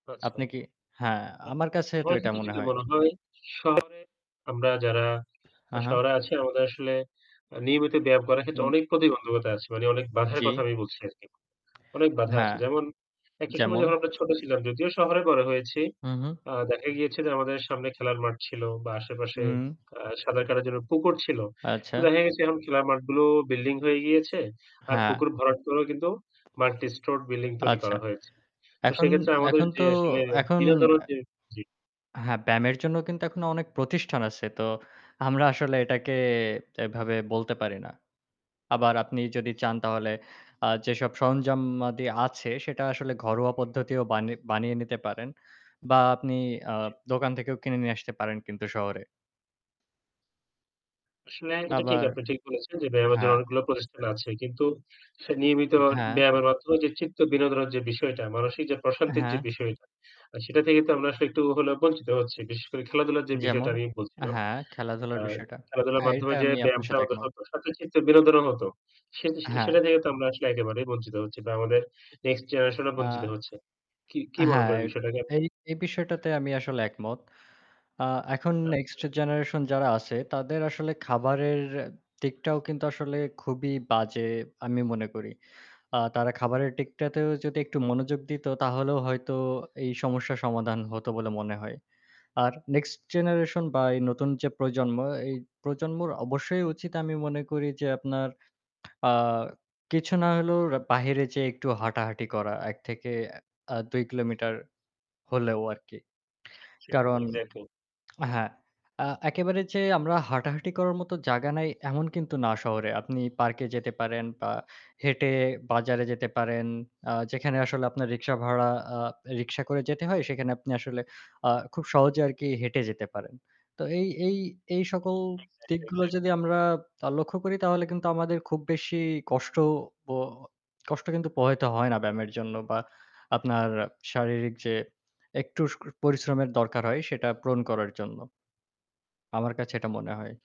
আচ্ছা। আপনি কি হ্যাঁ, উম আমার কাছে তো আমার কাছে এটা মনে যেটা হয়। মনে হয় শহরে, আমরা যারা হা, হা। শহরে আছি আমাদের আসলে নিয়মিত ব্যায়াম করার ক্ষেত্রে হুম। অনেক প্রতিবন্ধকতা আছে। মানে অনেক বাঁধার কথা জি। আমি বলছি আরকি। অনেক বাধা আছে। হ্যাঁ, যেমন একটা সময় যেমন? যখন আমরা ছোট ছিলাম, যদিও শহরে বড় হয়েছি, হুম, হুম। আ দেখা গিয়েছে যে আমাদের সামনে খেলার মাঠ ছিল বা আশেপাশে হুম। আ সাতার কাটার জন্য পুকুর ছিল। তো আচ্ছা। দেখা গেছে এখন খেলার মাঠগুলো বিল্ডিং হয়ে গিয়েছে। আর হ্যাঁ। পুকুর ভরাট করেও কিন্তু মাল্টি স্টোরড বিল্ডিং তৈরি আচ্ছা। করা হয়েছে। তো এখন সেক্ষেত্রে আমাদের এখন যে তো আসলে এখন বিনোদনের অ্যা যে জি। হ্যাঁ ব্যায়ামের জন্য কিন্তু এখনো অনেক প্রতিষ্ঠান আছে। তো আমরা আসলে এটাকে এভাবে বলতে পারি না। আবার আপনি যদি চান তাহলে আ যেসব সরঞ্জামাদি আছে সেটা আসলে ঘরোয়া পদ্ধতিও বানি বানিয়ে নিতে পারেন। বা আপনি আ জি। দোকান থেকেও কিনে নিয়ে আসতে পারেন কিন্তু শহরে। আসলে এটা ঠিক আবার আপনি ঠিক বলেছেন যে ব্যায়ামের জন্য হ্যাঁ। অনেকগুলো প্রতিষ্ঠান আছে। কিন্তু সে নিয়মিত উম হ্যাঁ। ব্যায়ামের মাধ্যমে যে চিত্ত বিনোদনের যে বিষয়টা মানসিক যে প্রশান্তির যে হ্যাঁ। বিষয়টা, আর সেটা থেকে তো আমরা আসলে একটু হলেও বঞ্চিত হচ্ছি। বিশেষ করে খেলাধুলার যে বিষয়টা যেমন? আমি বলছিলাম, হ্যাঁ, খেলাধুলার আ বিষয়টা। খেলাধুলার হ্যাঁ, এইটা মাধ্যমে যে আমি আপনার ব্যায়ামটা সাথে আমাদের একমত। সাথে চিত্ত বিনোদনের মতো। সে হ্যাঁ। সেটা থেকে তো আমরা আসলে একেবারেই বঞ্চিত হচ্ছি। বা আমাদের নেক্সট জেনারেশন ও বঞ্চিত আ হচ্ছে। কি কি মনে হ্যাঁ, করেন এ বিষয়টাকে আপনি? এই এই বিষয়টাতে আমি আসলে একমত। আ এখন নেক্সট আচ্ছা। জেনারেশন যারা আছে তাদের আসলে খাবারের দিকটাও কিন্তু আসলে খুবই বাজে আমি মনে করি। আ তারা খাবারের দিকটাতেও যদি একটু মনোযোগ দিত, তাহলেও হয়তো এই সমস্যার সমাধান হতো বলে মনে হয়। আর নেক্সট জেনারেশন বা এই নতুন যে প্রজন্ম, এই প্রজন্মর অবশ্যই উচিত আমি মনে করি যে আপনার আ কিছু না হলেও র বাহিরে যেয়ে একটু হাঁটাহাঁটি করা। ১ থেকে আ ২ কিলোমিটার হলেও আরকি। কারণ [unintelligible] এক্সাক্টলি। হ্যাঁ। আ একেবারে যে আমরা হাঁটাহাঁটি করার মতো জায়গা নাই এমন কিন্তু না শহরে। আপনি পার্কে যেতে পারেন বা হেঁটে বাজারে যেতে পারেন। আ যেখানে আসলে আপনার রিক্সা ভাড়া আ রিক্সা করে যেতে হয়, সেখানে আপনি আসলে আ খুব সহজে আরকি হেঁটে যেতে পারেন। তো এই এই এই সকল এক্সাক্টলি, দিকগুলো যদি এক্সাক্টলি। আমরা আ লক্ষ্য করি তাহলে কিন্তু আমাদের খুব বেশি কষ্টও প কষ্ট কিন্তু পোহাইতে হয় না ব্যায়ামের জন্য বা আপনার শারীরিক যে একটু পরিশ্রমের দরকার হয় সেটা পূরণ করার জন্য। আমার কাছে এটা মনে হয়।